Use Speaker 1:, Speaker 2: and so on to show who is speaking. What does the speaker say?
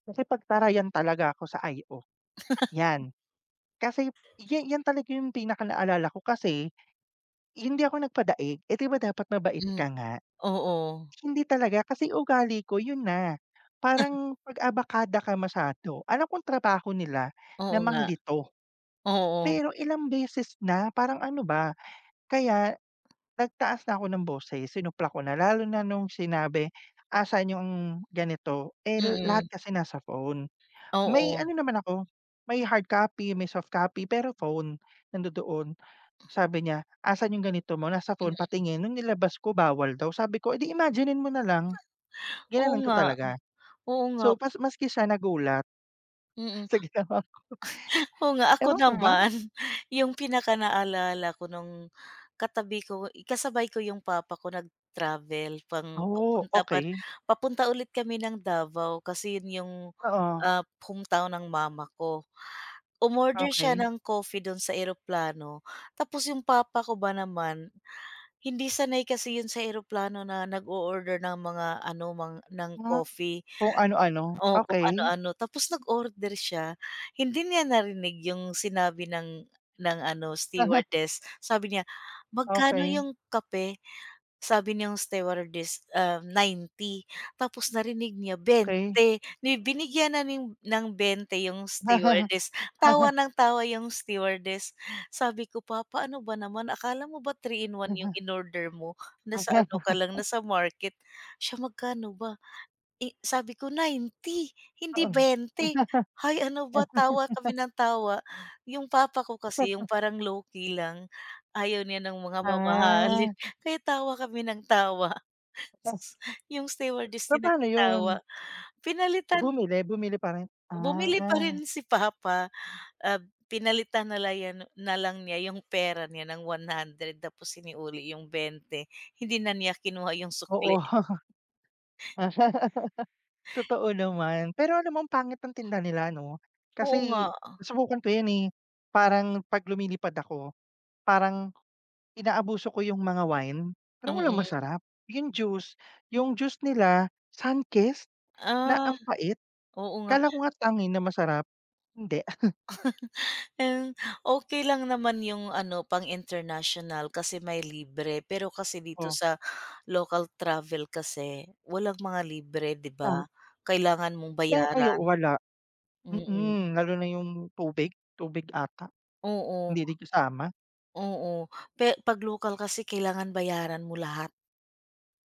Speaker 1: Nakipagtarayan talaga ako sa IO 'yan kasi ya 'yan talaga 'yung pinakanaalala ko, kasi hindi ako nagpadaig, eh, di ba, dapat mabait
Speaker 2: Hmm,
Speaker 1: ka nga,
Speaker 2: oo.
Speaker 1: hindi talaga kasi ugali ko 'yun na. Parang pag-abakada ka masyado alam kong trabaho nila
Speaker 2: Oo
Speaker 1: na
Speaker 2: nga,
Speaker 1: manglito.
Speaker 2: oo.
Speaker 1: Pero ilang beses na parang, ano ba, kaya nagtaas na ako ng boses, sinupla ko na lalo na nung sinabi, "asan 'yong ganito," eh, lahat
Speaker 2: Mm.
Speaker 1: kasi nasa phone, may
Speaker 2: Oo.
Speaker 1: ano naman ako may hard copy, may soft copy, pero phone. Nandoon, sabi niya, "asan 'yung ganito mo," nasa phone,
Speaker 2: Mm.
Speaker 1: "patingin," nung nilabas ko, bawal daw, sabi ko, "eh, di imaginin mo nalang,"
Speaker 2: Oo
Speaker 1: ginanun ko
Speaker 2: nga,
Speaker 1: talaga.
Speaker 2: oo nga.
Speaker 1: So pas maski siya nagulat
Speaker 2: Mm,
Speaker 1: sa ginawa ko,
Speaker 2: oo nga. Ako
Speaker 1: ewan ko ba.
Speaker 2: naman, 'yong pinakanaalala ko no'ng katabi ko kasabay ko 'yong papa ko nag-travel pang
Speaker 1: Oh,
Speaker 2: papunta par
Speaker 1: okey.
Speaker 2: papunta ulit kami ng Davao kasi 'yon 'yong,
Speaker 1: Oo.
Speaker 2: ah, hometown ng mama ko, umorder siya
Speaker 1: Okey.
Speaker 2: ng coffee do'n sa eroplano tapos 'yong papa ko ba naman hindi sanay kasi 'yon sa eroplano na nag-o-order ng mga ano mga ng
Speaker 1: Ah,
Speaker 2: coffee.
Speaker 1: kung ano-ano,
Speaker 2: Oh, kung
Speaker 1: okey.
Speaker 2: ano-ano, tapos nag-order siya, hindi niya narinig 'yung sinabi ng ng ano stewardess, sabi niya, "magkano
Speaker 1: Okey.
Speaker 2: 'yong kape?" sabi niyang stewardess, um, 90 tapos narinig niya
Speaker 1: Key.
Speaker 2: 20 di binigyan na ni ng 20 'yung stewardess, tawa ng tawa 'yung stewardess. Sabi ko, "Pa, paano ba naman, akala mo ba 3 in 1 'yung inorder mo? Nasa ano ka lang nasa market." "Siya magkano ba?" Eh, sabi ko, 90 hindi
Speaker 1: Oo.
Speaker 2: 20 hay, ano ba tawa kami ng tawa. 'Yung papa ko kasi 'yung parang low-key lang, ayaw niya ng mga mamahalin,
Speaker 1: Ah.
Speaker 2: kaya tawa kami ng tawa
Speaker 1: [unintelligible]
Speaker 2: sus 'yung stewardess
Speaker 1: So,
Speaker 2: din
Speaker 1: paano
Speaker 2: nakitawa,
Speaker 1: 'yun?
Speaker 2: pinalitan.
Speaker 1: Bumili, bumili pa rin?
Speaker 2: Bumili pa
Speaker 1: Ah.
Speaker 2: rin si papa, ah, pinalitan nalang ya no na lang niya 'yung pera niya ng 100 tapos sinauli 'yung 20, hindi na niya kinuha 'yung sukli.
Speaker 1: Oo. Totoo naman, pero alam mo, ang pangit ng tinda nila ano,
Speaker 2: Oo, nga.
Speaker 1: kasi nasubukan ko 'yun, eh, parang 'pag lumilipad ako parang inaabuso ko 'yung mga wine, pero walang
Speaker 2: Mm.
Speaker 1: masarap. 'Yung juice 'yung juice nila, Sunkist na
Speaker 2: Ah,
Speaker 1: ang pait,
Speaker 2: oo nga.
Speaker 1: akala ko nga Tang, eh, na masarap hindi.
Speaker 2: Hmm, okey lang naman, 'yung ano pang-international kasi may libre, pero kasi dito
Speaker 1: Oh.
Speaker 2: sa local travel kasi walang mga libre, di
Speaker 1: Tang.
Speaker 2: ba? Kailangan mong
Speaker 1: Pe ay,
Speaker 2: bayaran,
Speaker 1: oo, wala.
Speaker 2: mm.
Speaker 1: Mm, lalo na 'yung tubig tubig ata,
Speaker 2: Oo.
Speaker 1: hindi din kasama.
Speaker 2: Oo pe pag local kasi kailangan bayaran mo lahat.